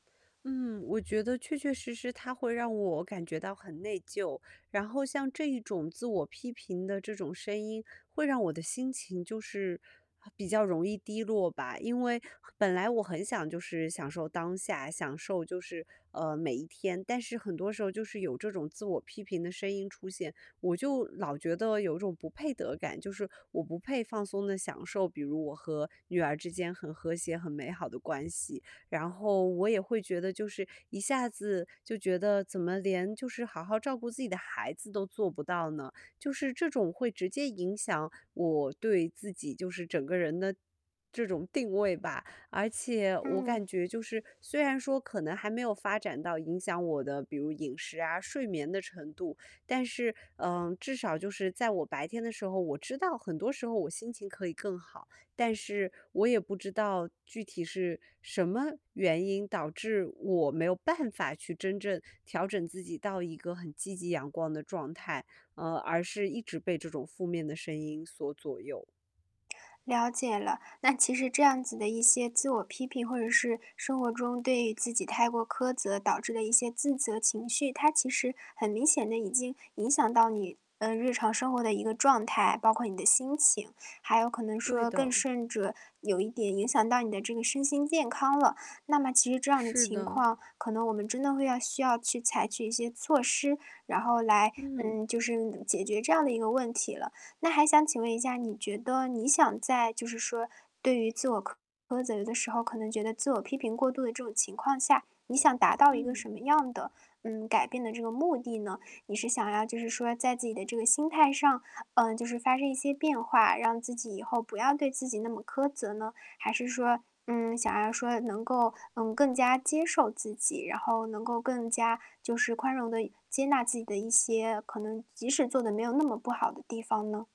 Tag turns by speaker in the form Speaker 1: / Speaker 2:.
Speaker 1: 嗯，我觉得确确实实它会让我感觉到很内疚，然后像这一种自我批评的这种声音，会让我的心情就是很比较容易低落吧。因为本来我很想就是享受当下，享受就是，呃，每一天，但是很多时候就是有这种自我批评的声音出现，我就老觉得有种不配得感，就是我不配放松地享受，比如我和女儿之间很和谐、很美好的关系。然后我也会觉得就是一下子就觉得怎么连就是好好照顾自己的孩子都做不到呢？就是这种会直接影响我对自己就是整个人的这种定位吧。而且我
Speaker 2: 嗯。
Speaker 1: 感觉就是虽然说可能还没有发展到影响我的比如饮食啊，睡眠的程度，但是，嗯，至少就是在我白天的时候，我知道很多时候我心情可以更好，但是我也不知道具体是什么原因导致我没有办法去真正调整自己到一个很积极、阳光的状态，呃，而是一直被这种负面的声音所左右。
Speaker 2: 了解了。那其实这样子的一些自我批评，或者是生活中对于自己太过苛责导致的一些自责情绪，它其实很明显地已经影响到你，呃，日常生活的一个状态，包括你的心情，还有可能
Speaker 1: 对
Speaker 2: 说，更
Speaker 1: 的。
Speaker 2: 甚者，有一点影响到你的这个身心健康了。那么其实这样的
Speaker 1: 是
Speaker 2: 情
Speaker 1: 的。
Speaker 2: 况，可能我们真的会要需要去采取一些措施，然后来
Speaker 1: 嗯。
Speaker 2: 嗯，就是解决这样的一个问题了。那还想请问一下你觉得你想在就是说对于自我苛责的时候可能觉得自我批评过度的这种情况下，你想达到一个
Speaker 1: 嗯。
Speaker 2: 什么样的，嗯，改变的这个目的呢？你是想要就是说在自己的这个心态上，呃，就是发生一些变化，让自己以后不要对自己那么苛责呢？还是说，嗯，想要说能够，嗯，更加接受自己，然后能够更加就是宽容地一接纳自己的一些可能即使做得没有那么不好的地方呢？